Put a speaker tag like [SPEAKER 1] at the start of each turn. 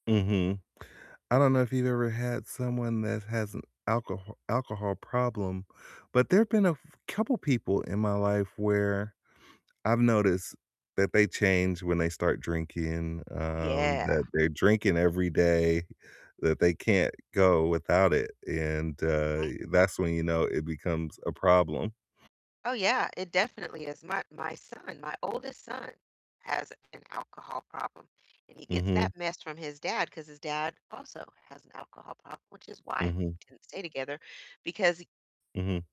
[SPEAKER 1] Mhm, I don't know if you've ever had someone that has an alcoho alcohol problem, but there have been a f couple people in my life where I've noticed that they change when they start drinking,
[SPEAKER 2] Oh,
[SPEAKER 1] um,
[SPEAKER 2] yeah.
[SPEAKER 1] that they're drinking every day, that they can't go without it, and, uh,
[SPEAKER 2] Mhm.
[SPEAKER 1] that's when, you know, it becomes a problem.
[SPEAKER 2] Oh yeah, it definitely is, my my son my oldest son has an alcohol problem, and he gets
[SPEAKER 1] Mhm.
[SPEAKER 2] that mess from his dad 'cause his dad also has an alcohol problem, which is why we
[SPEAKER 1] Mhm.
[SPEAKER 2] didn't stay together because he
[SPEAKER 1] Mhm.